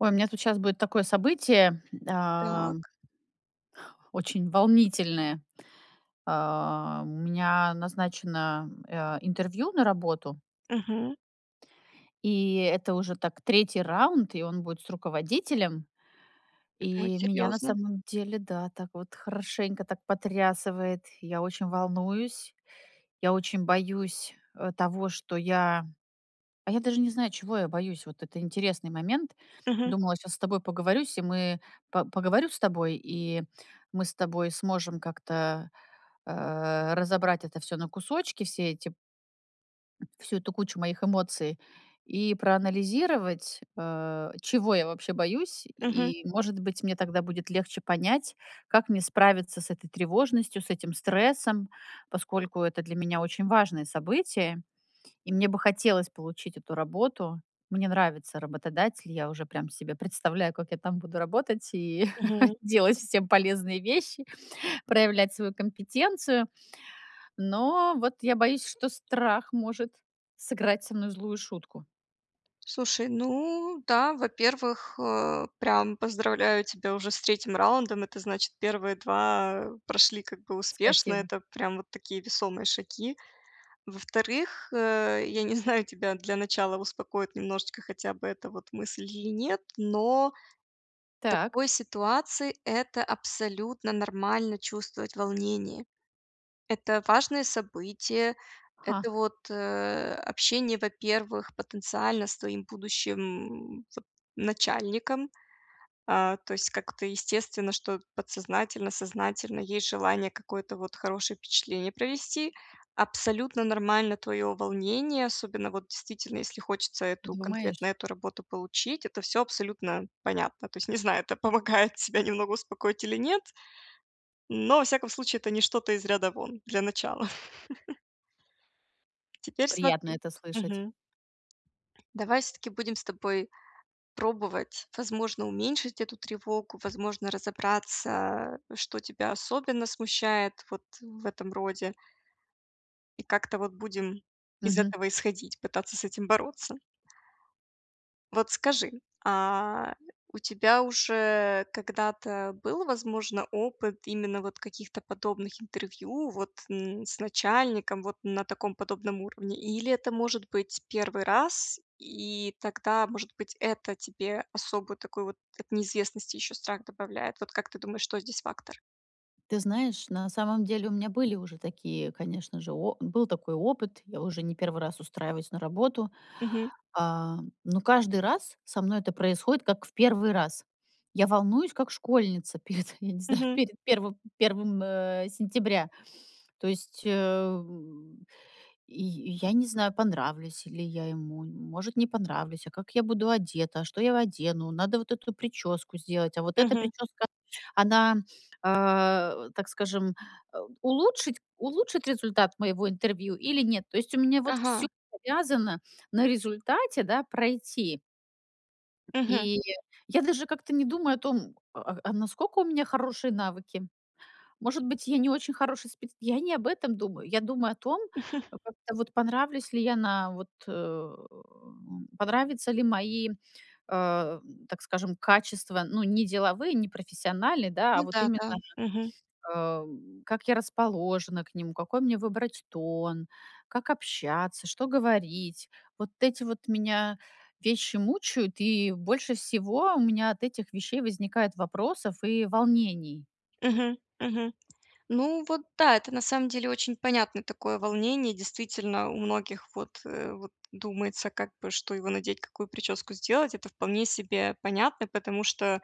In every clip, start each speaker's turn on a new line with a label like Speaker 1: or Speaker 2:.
Speaker 1: Ой, у меня тут сейчас будет такое событие,
Speaker 2: Так.
Speaker 1: ам очень волнительное. А, у меня назначено, а, интервью на работу
Speaker 2: Мгм.
Speaker 1: И это уже, так, 3 раунд, и он будет с руководителем.
Speaker 2: М,
Speaker 1: И меня, на
Speaker 2: серьёзно.
Speaker 1: самом деле, да, так вот хорошенько так потрясывает. Я очень волнуюсь. Я очень боюсь, а, того, что я а, я даже не знаю, чего я боюсь. Вот это интересный момент.
Speaker 2: Мгм.
Speaker 1: Думала, щас с тобой поговорюсь, и мы по поговорю с тобой, и мы с тобой сможем как-то, а, разобрать это всё на кусочки, все эти всю эту кучу моих эмоций и проанализировать, а, чего я вообще боюсь.
Speaker 2: Мгм.
Speaker 1: И, может быть, мне тогда будет легче понять, как мне справиться с этой тревожностью, с этим стрессом. Поскольку это для меня очень важное событие и мне бы хотелось получить эту работу. Мне нравится работодатель, я уже прям себе представляю, как я там буду работать и
Speaker 2: Мгм.
Speaker 1: делать всем полезные вещи, проявлять свою компетенцию. Но вот я боюсь, что страх может сыграть со мной злую шутку.
Speaker 2: Слушай, ну да, во-первых, э, прям поздравляю тебя уже с 3 раундом, это значит, первые 2 прошли как бы успешно,
Speaker 1: Спасибо.
Speaker 2: это прям вот такие весомые шаги. Во-вторых, э, я не знаю, тебя для начала успокоит немножечко хотя бы эта вот мысль или нет, но в
Speaker 1: Так.
Speaker 2: такой ситуации это абсолютно нормально- чувствовать волнение. Это важное событие.
Speaker 1: Ха.
Speaker 2: Это вот, э, общение, во-первых, потенциально с твоим будущим, м, вот начальником. А, то есть как-то естественно, что подсознательно, сознательно есть желание какое-то вот хорошее впечатление провести. Абсолютно нормально твое волнение, особенно вот действительно, если хочется эту
Speaker 1: Думаешь?
Speaker 2: конкретную работу получить,- это всё абсолютно понятно. То есть, не знаю, это помогает тебя немного успокоить или нет, но, во всяком случае, это не что-то из ряда вон для начала. Теперь
Speaker 1: Приятно
Speaker 2: смотри.
Speaker 1: это слышать.
Speaker 2: Мгм. Давай всё-таки будем с тобой пробовать, возможно, уменьшить эту тревогу, возможно, разобраться, что тебя особенно смущает вот в этом роде. И как-то вот будем из
Speaker 1: Мгм.
Speaker 2: этого исходить, пытаться с этим бороться. Вот скажи, а, у тебя уже когда-то был, возможно, опыт именно вот каких-то подобных интервью, вот, н с начальником, вот, на таком подобном уровне, или это, может быть, 1 раз, и тогда, может быть, это тебе особую такую, вот, от неизвестности ещё страх добавляет? Вот как ты думаешь, что здесь фактор?
Speaker 1: Ты знаешь, на самом деле у меня были уже такие, конечно же, о был такой опыт, я уже не 1 раз устраиваюсь на работу.
Speaker 2: Мгм.
Speaker 1: А, но каждый раз со мной это происходит как в 1 раз. Я волнуюсь как школьница перед, я не знаю,
Speaker 2: Мгм.
Speaker 1: перед первым первым, м, сентября. То есть, э, я я не знаю, понравлюсь ли я ему, может, не понравлюсь, а как я буду одета, что я одену, надо вот эту причёску сделать, а вот эта
Speaker 2: Мгм.
Speaker 1: причёска, она, э, так скажем, а, улучшить улучшит результат моего интервью или нет? То есть у меня вот всё
Speaker 2: Ага.
Speaker 1: завязано на результате, да, пройти.
Speaker 2: Мгм.
Speaker 1: И я даже как-то не думаю о том, а а насколько у меня хорошие навыки. Может быть, я не очень хороший спец Я не об этом думаю. Я думаю о том, как-то вот, понравлюсь ли я на вот э, м Понравятся ли мои, э, так скажем, качества, ну, не деловые, не профессиональны, да,
Speaker 2: Ну
Speaker 1: а вот
Speaker 2: да
Speaker 1: именно,
Speaker 2: да. Мгм.
Speaker 1: а, как я расположена к нему, какой мне выбрать тон, как общаться, что говорить. Вот эти вот меня вещи мучают, и больше всего у меня от этих вещей возникает вопросов и волнений.
Speaker 2: Мгм. Мгм. Ну, вот да, это на самом деле очень понятное такое волнение. Действительно, у многих вот, э, вот думается как бы что его надеть, какую причёску сделать- это вполне себе понятно, потому что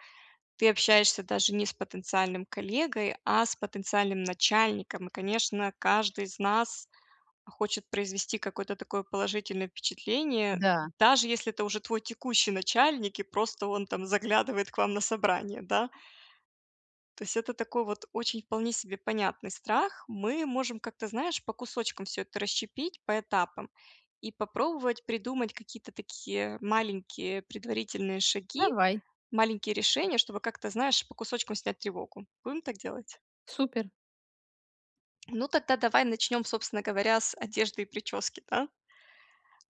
Speaker 2: ты общаешься даже не с потенциальным коллегой, а с потенциальным начальником. И, конечно, каждый из нас хочет произвести какое-то такое положительное впечатление,
Speaker 1: Да.
Speaker 2: даже если это уже твой текущий начальник и просто он там заглядывает к вам на собрание, да. То есть это такой вот очень вполне себе понятный страх. Мы можем как-то, знаешь, по кусочкам всё это расщепить, по этапам и попробовать придумать какие-то такие маленькие предварительные шаги,
Speaker 1: Давай.
Speaker 2: маленькие решения, чтобы как-то, знаешь, по кусочкам снять тревогу. Будем так делать?
Speaker 1: Супер.
Speaker 2: Ну, тогда давай начнём, собственно говоря, с одежды и причёски, да.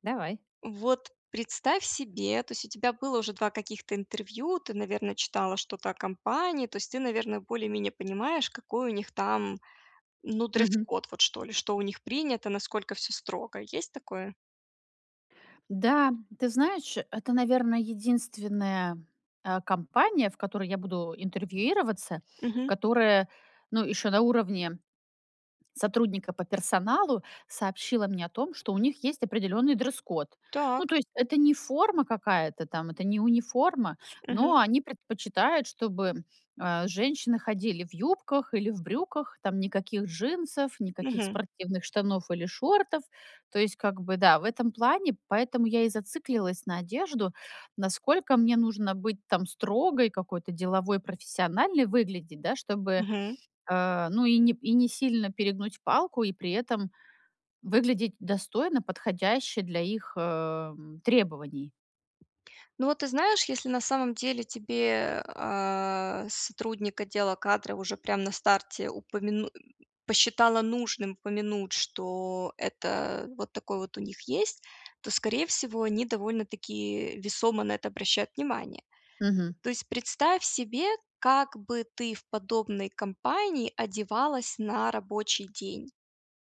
Speaker 1: Давай.
Speaker 2: Вот представь себе, то есть у тебя было уже 2 каких-то интервью, ты, наверно, читала что-то о компании, то есть ты, наверное, более-менее понимаешь, какой у них там, ну,
Speaker 1: Мгм.
Speaker 2: дресс-код, вот что ли, что у них принято, насколько всё строго. Есть такое?
Speaker 1: Да, ты знаешь, это, наверно, единственная, э, компания, в которой я буду интервьюироваться,
Speaker 2: Мгм.
Speaker 1: которая, ну, ещё на уровне сотрудника по персоналу, сообщила мне о том, что у них есть определённый дресс-код. Ну,
Speaker 2: Так.
Speaker 1: то есть это не форма какая-то там, это не униформа, но
Speaker 2: Мгм.
Speaker 1: они предпочитают, чтобы, э, женщины ходили в юбках или в брюках, там никаких джинсов, никаких
Speaker 2: Мгм.
Speaker 1: спортивных штанов или шортов. То есть как бы да, в этом плане. Поэтому я и зациклилась на одежду, насколько мне нужно быть там строгой, какой-то деловой, профессиональной выглядеть, да, чтобы,
Speaker 2: Мгм.
Speaker 1: э, ну и не и несильно перегнуть палку, и при этом выглядеть достойно, подходяще для их, эм, требований.
Speaker 2: Ну, вот ты знаешь, если на самом деле тебе, э, сотрудник отдела кадров уже прям на старте упомяну посчитала нужным упомянуть, что это вот такой вот у них есть, то, скорее всего, они довольно-таки весомо на это обращают внимание.
Speaker 1: Мгм.
Speaker 2: То есть представь себе, как бы ты в подобной компании одевалась на рабочий день.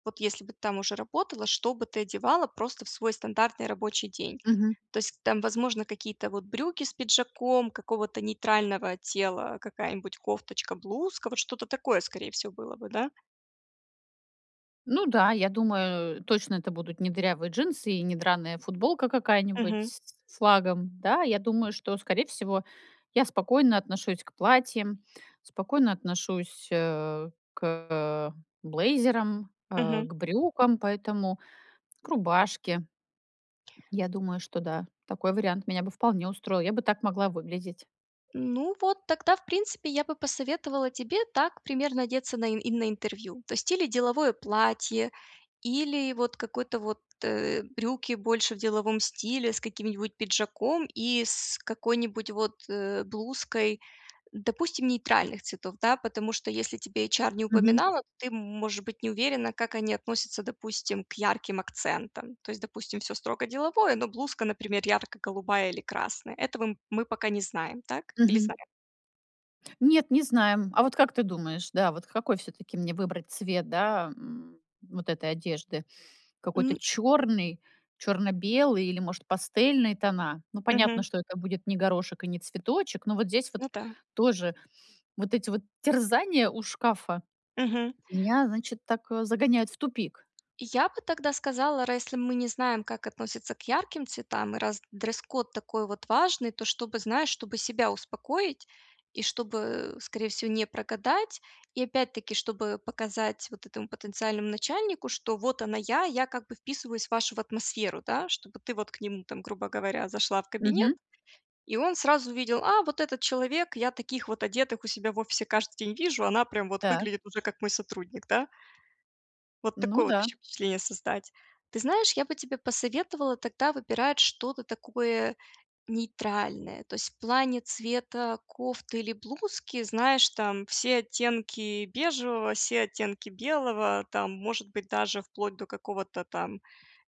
Speaker 2: Вот если бы ты там уже работала, что бы ты одевала просто в свой стандартный рабочий день?
Speaker 1: Мгм.
Speaker 2: То есть там, возможно, какие-то вот брюки с пиджаком, какого-то нейтрального тела, какая-нибудь кофточка, блузка, вот что-то такое, скорее всего, было бы, да?
Speaker 1: Ну да, я думаю, точно, это будут не дырявые джинсы и не драная футболка какая-нибудь
Speaker 2: Мгм.
Speaker 1: с с флагом. Да, я думаю, что, скорее всего, я спокойно отношусь к платьям, спокойно отношусь, э, к блейзерам, а,
Speaker 2: Мгм.
Speaker 1: к брюкам, поэтому к рубашке. Я думаю, что да, такой вариант меня бы вполне устроил. Я бы так могла выглядеть.
Speaker 2: Ну вот тогда, в принципе, я бы посоветовала тебе так примерно одеться на и на интервью. То есть или деловое платье, или вот какой-то вот, э, брюки больше в деловом стиле с каким-нибудь пиджаком и с какой-нибудь вот, э, блузкой, э, допустим, нейтральных цветов. Да, потому что если тебе эйчар не
Speaker 1: Мгм.
Speaker 2: упоминала, то ты м можешь быть не уверена, как они относятся, допустим, к ярким акцентам. То есть, допустим, всё строго деловое, но блузка, например, ярко-голубая или красная. Этого мы пока не знаем, так? Или
Speaker 1: Мгм.
Speaker 2: знаем?
Speaker 1: Нет, не знаем. А вот как ты думаешь, да, вот какой всё-таки мне выбрать цвет, да, м, вот этой одежды? Какой-то
Speaker 2: М.
Speaker 1: чёрный, чёрно-белый или, может, пастельные тона? Ну, понятно,
Speaker 2: Мгм.
Speaker 1: что это будет не горошек и не цветочек, но вот здесь вот
Speaker 2: Ну да.
Speaker 1: тоже вот эти вот терзания у шкафа
Speaker 2: Мгм.
Speaker 1: меня, значит, так, э, загоняют в тупик.
Speaker 2: Я бы тогда сказала: ра если мы не знаем, как относятся к ярким цветам, раз дресс-код такой вот важный, то чтобы, знаешь, чтобы себя успокоить и чтобы, скорее всего, не прогадать и, опять-таки, чтобы показать вот этому потенциальному начальнику, что вот она я, я как бы вписываюсь в вашу в атмосферу, да, чтобы ты вот к ним там, грубо говоря, зашла в кабинет,
Speaker 1: Мгм.
Speaker 2: и он сразу увидел: "А, вот этот человек, я таких вот одетых у себя в офисе каждый день вижу, она прям вот
Speaker 1: Так.
Speaker 2: выглядит уже, как мой сотрудник", да. Вот
Speaker 1: Ну
Speaker 2: такое вот
Speaker 1: да.
Speaker 2: ещё впечатление создать. Ты знаешь, я бы тебе посоветовала тогда выбирать что-то такое нейтральное. То есть в плане цвета кофты или блузки, знаешь, там все оттенки бежевого, все оттенки белого, там, может быть, даже вплоть до какого-то там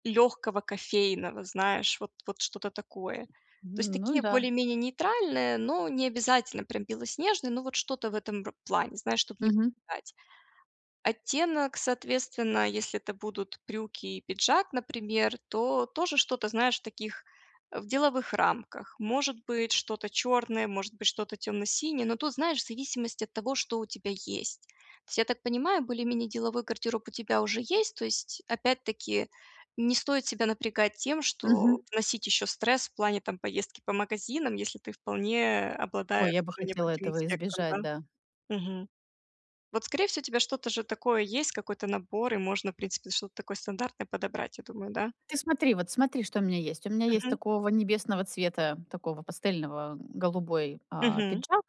Speaker 2: лёгкого кофейного, знаешь, вот вот что-то такое. То есть
Speaker 1: Ну
Speaker 2: такие
Speaker 1: да.
Speaker 2: более-менее нейтральные, но не обязательно прям белоснежные, но вот что-то в этом вот ро плане, знаешь, чтоб не
Speaker 1: Мгм.
Speaker 2: пугать. Оттенок, соответственно, если это будут брюки и пиджак, например, то тоже что-то, знаешь, в таких, а, в деловых рамках. Может быть, что-то чёрное, может быть, что-то тёмно-синее, но тут, знаешь, в зависимости от того, что у тебя есть. То есть, я так понимаю, более-менее деловой гардероб у тебя уже есть. То есть опять-таки, не стоит себя напрягать тем, что
Speaker 1: Мгм.
Speaker 2: вносить ещё стресс в плане там поездки по магазинам, если ты вполне
Speaker 1: Ой,
Speaker 2: обладаешь
Speaker 1: я бы
Speaker 2: уже
Speaker 1: хотела
Speaker 2: необходимым
Speaker 1: этого
Speaker 2: спектром, да?
Speaker 1: избежать, да.
Speaker 2: Мгм. Вот, скорее всего, у тебя что-то же такое есть, какой-то набор, и можно, в принципе, что-то такое стандартное подобрать, я думаю, да?
Speaker 1: Ты смотри, вот смотри, что у меня есть. У меня есть
Speaker 2: Мгм.
Speaker 1: такого небесного цвета, такого пастельного, м, голубой, а,
Speaker 2: Мгм.
Speaker 1: пиджак.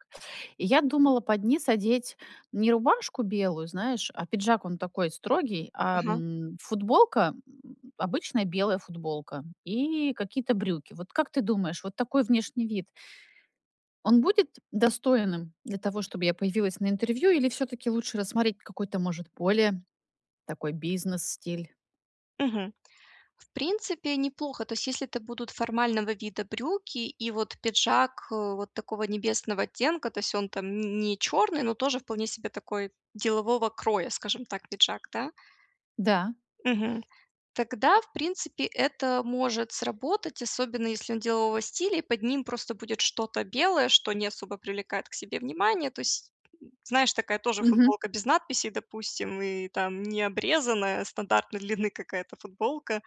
Speaker 1: И я думала под низ одеть не рубашку белую, знаешь, а пиджак, он такой строгий, а,
Speaker 2: Ага.
Speaker 1: м, футболка, м, обычная белая футболка и какие-то брюки. Вот как ты думаешь, вот такой внешний вид он будет достойным для того, чтобы я появилась на интервью, или всё-таки лучше рассмотреть какой-то, может, более такой бизнес-стиль?
Speaker 2: Мгм. В принципе неплохо. То есть, если это будут формального вида брюки и вот пиджак, э, вот такого небесного оттенка, то есть он там не не черный, но тоже вполне себе такой, делового кроя, скажем так, пиджак, да.
Speaker 1: Да.
Speaker 2: Мгм. Тогда, в принципе, это может сработать, особенно если он делового стиля и под ним просто будет что-то белое, что не особо привлекает к себе внимание. То есть, м, знаешь, такая тоже
Speaker 1: Мгм.
Speaker 2: футболка без надписей, допустим, и там не обрезанная, стандартной длины какая-то футболка.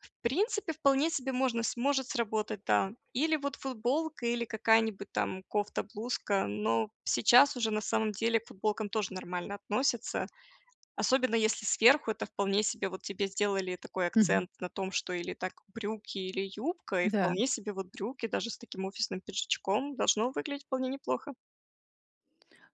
Speaker 2: В принципе, вполне себе можно сможет сработать, да. Или вот футболка, или какая-нибудь там кофта, блузка, но сейчас уже, на самом деле, к футболкам тоже нормально относятся, особенно если сверху это вполне себе вот тебе сделали такой
Speaker 1: Мгм.
Speaker 2: акцент на том, что или так брюки, или юбка, и
Speaker 1: Да.
Speaker 2: вполне себе вот брюки даже с таким офисным пиджачком- должно выглядеть вполне неплохо.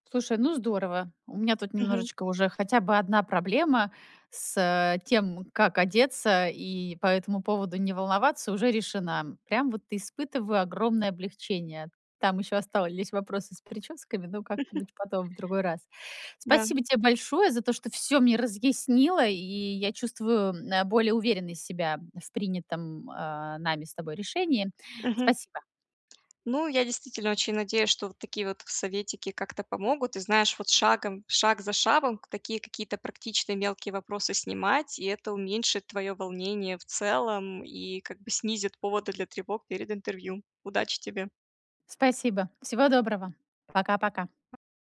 Speaker 1: Слушай, ну здорово! У меня тут
Speaker 2: Мгм.
Speaker 1: немножечко, уже хотя бы 1 проблема с тем, как одеться и по этому поводу не волноваться, уже решена. Прям вот испытываю огромное облегчение. Там ещё остались вопросы с причёсками, ну, как-нибудь потом, в другой раз.
Speaker 2: Да.
Speaker 1: Спасибо те большое за то, что всё мне разъяснила, и я чувствую, м, э, более уверенной себя, м, в принятым, а, нами с тобой решении.
Speaker 2: Мгм.
Speaker 1: Спасибо.
Speaker 2: Ну, я действительно очень надеюсь, что вот такие вот советики как-то помогут. И, знаешь, вот шагом шаг за шагом такие какие-то практичные мелкие вопросы снимать, и это уменьшит твоё волнение в целом и как бы снизит поводы для тревог перед интервью. Удачи тебе!
Speaker 1: Спасибо, всего доброго. Пока-пока!